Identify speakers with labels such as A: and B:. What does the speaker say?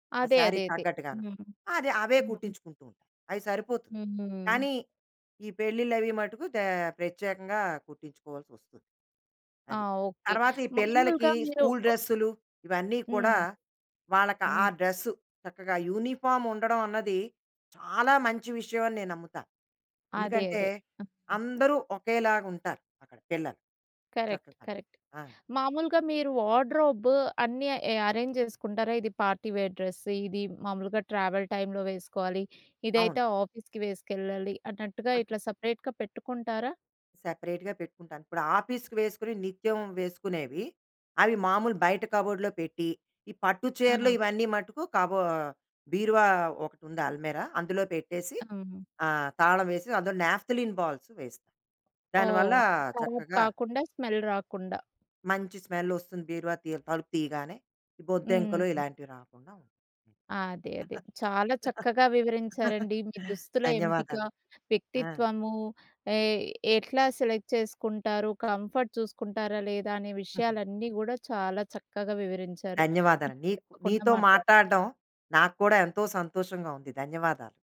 A: ఆ
B: అదే. అదే.
A: శారీకి
B: అదే.
A: తగ్గట్టుగాను.
B: హ్మ్.
A: అది అవే
B: హ్మ్.
A: కుట్టించుకుంటూ ఉంటాను అవి సరిపోతుంది.
B: హుహు.
A: కానీ, ఈ పెళ్ళిళ్ళవి మటుకు దే ప్రత్యేకంగా కుట్టించుకోవాల్సి వస్తుంది.
B: ఆ!
A: అది.
B: ఓకే.
A: తరువాత ఈ పిల్లలకి
B: మాములుగా మీరు
A: స్కూల్
B: ఆహ్
A: డ్రెస్సులు, ఇవన్నీ
B: హ్మ్.
A: కూడా వాళ్ళకి ఆ
B: హ్మ్.
A: డ్రెస్సు చక్కగా యూనిఫార్మ్ ఉండడం అన్నది చాలా మంచి విషయం అని నేను నమ్ముతాను.
B: అదే
A: ఎందుకంటే,
B: అదే. ఆ!
A: అందరూ ఒకేలాగుంటారు అక్కడ పిల్లలు.
B: కరెక్ట్.
A: చక్కగా
B: కరెక్ట్.
A: ఆ!
B: మామూలుగా మీరు వార్డ్‌రోబు అన్నీ అరేంజ్ చేసుకుంటారా? ఇది పార్టీ వేర్ డ్రెస్సు. ఇది మామూలుగా ట్రావెల్ టైమ్‌లో వేసుకోవాలి.
A: అవును.
B: ఇదైతే ఆఫీస్‌కి వేసుకెళ్ళాలి అన్నట్టుగా ఇట్లా సెపరేట్‌గా పెట్టుకుంటారా?
A: సెపరేట్‌గా పెట్టుకుంటాను. ఇప్పుడు ఆఫీస్‌కి వేసుకొనేవి నిత్యం వేసుకునేవి. అవి మామూలుగా బయట కబోర్డ్‌లో పెట్టి, ఈ పట్టు చీరలు
B: ఆ!
A: ఇవన్నీ మటుకు కబో బీరువా ఒకటుంది అల్మేరా. అందులో పెట్టేసి
B: అవును.
A: ఆహ్, తాళం వేసి అందులో నాప్థలిన్ బాల్స్ వేస్తాం. దాని వల్ల
B: ఓహ్! అవి కరాబ్
A: చక్కగా...
B: కాకుండా స్మెల్ రాకుండా.
A: మంచి స్మెల్ వస్తుంది బీరువా తి తలుపు తీయగానే. బొద్దింకలు
B: హ్మ్.
A: ఇలాంటివి రాకుండా ఉంటాయి.
B: అదే అదే. చాలా చక్కగా వివరించారండి. మీ దుస్తుల ఎంపిక,
A: ధన్యవాదాలు. ఆ!
B: వ్యక్తిత్వము ఏ ఎట్లా సెలెక్ట్ చేసుకుంటారు. కంఫర్ట్ చూసుకుంటారా లేదా, అనే విషయాలన్నీ గూడా చాలా చక్కగా వివరించారు.
A: ధన్యవాదాలండి. నీకు
B: తప్పకుండా
A: నీతో
B: మాట్లాడు
A: మాట్లాడడం నాకు కూడా ఎంతో సంతోషంగా ఉంది. ధన్యవాదాలు.